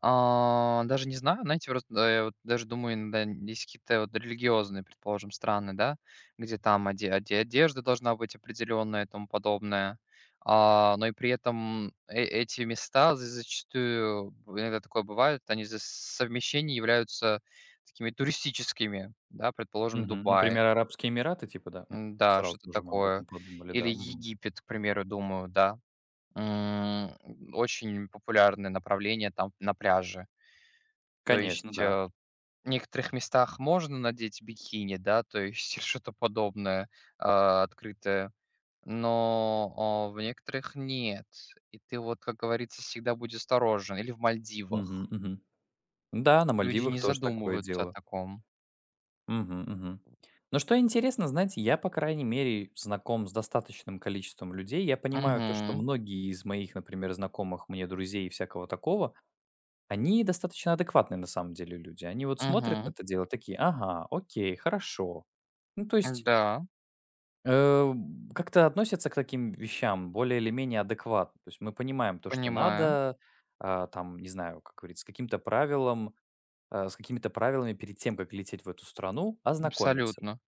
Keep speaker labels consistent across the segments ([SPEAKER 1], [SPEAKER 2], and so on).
[SPEAKER 1] А, даже не знаю, знаете, просто, да, я, вот, даже думаю иногда, есть какие-то, вот, религиозные, предположим, страны, да, где, там, оде оде одежда должна быть определённая и тому подобное. А, но и при этом, э эти места з зачастую иногда такое бывает, они из-за совмещения являются такими туристическими, да. Предположим,
[SPEAKER 2] Мгм.
[SPEAKER 1] Дубай.
[SPEAKER 2] Например, Арабские Эмираты, типа, да, м?
[SPEAKER 1] М-да,
[SPEAKER 2] Сразу
[SPEAKER 1] что-то
[SPEAKER 2] тоже мы об
[SPEAKER 1] такое.
[SPEAKER 2] этом подумали,
[SPEAKER 1] Или
[SPEAKER 2] да, мгм.
[SPEAKER 1] Египет, к примеру, думаю, да. М, очень популярное направление, там, на пляже. То
[SPEAKER 2] Конечно,
[SPEAKER 1] есть, э,
[SPEAKER 2] да.
[SPEAKER 1] в некоторых местах можно надеть бикини, да, то есть, что-то подобное, а, открытое, но, о, в некоторых нет, и ты, вот, как говорится, всегда будь осторожен. Или в Мальдивах
[SPEAKER 2] Мгм, мгм. Да, на
[SPEAKER 1] Люди не
[SPEAKER 2] Мальдивах тоже такое
[SPEAKER 1] задумываются о
[SPEAKER 2] дело.
[SPEAKER 1] таком.
[SPEAKER 2] Мгм, мгм. Но что интересно, знаете, я, по крайней мере, знаком с достаточным количеством людей. Я понимаю, то, что
[SPEAKER 1] Мгм.
[SPEAKER 2] многие из моих, например, знакомых мне друзей и всякого такого, они достаточно адекватные, на самом деле, люди. Они, вот, смотрят на
[SPEAKER 1] Мгм.
[SPEAKER 2] это дело, такие: ага, окей, хорошо. Ну, то есть
[SPEAKER 1] М-да.
[SPEAKER 2] э, б как-то относятся к таким вещам более или менее адекватно. То есть, мы понимаем то, что
[SPEAKER 1] Понимаю.
[SPEAKER 2] надо, а, там, не знаю, как говорится, с каким-то правилом, а, с какими-то правилами перед тем, как лететь в эту страну, ознакомиться.
[SPEAKER 1] Абсолютно.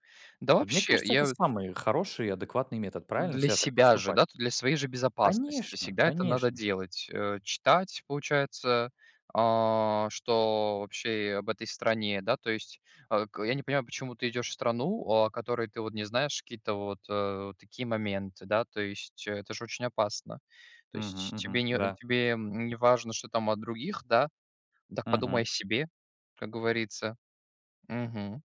[SPEAKER 1] Да,
[SPEAKER 2] Вот, мне
[SPEAKER 1] вообще,
[SPEAKER 2] кажется, это
[SPEAKER 1] я вот
[SPEAKER 2] самый хороший адекватный метод правильно
[SPEAKER 1] Для
[SPEAKER 2] всегда так
[SPEAKER 1] себя же,
[SPEAKER 2] поступать.
[SPEAKER 1] да, то для своей же безопасности
[SPEAKER 2] Конечно,
[SPEAKER 1] всегда это надо
[SPEAKER 2] конечно.
[SPEAKER 1] делать. Э, читать, получается, а что, вообще, об этой стране. Да, то есть, э, к я не понимаю, почему ты идёшь в страну, о которой ты, вот, не знаешь какие-то, вот, э, вот такие моменты да. То есть, это ж очень опасно. То
[SPEAKER 2] Мгм,
[SPEAKER 1] есть,
[SPEAKER 2] мгм,
[SPEAKER 1] тебе не
[SPEAKER 2] да.
[SPEAKER 1] тебе, м, не важно, что там от других, да? Так подумай о
[SPEAKER 2] Мгм.
[SPEAKER 1] себе, как говорится. Мгм.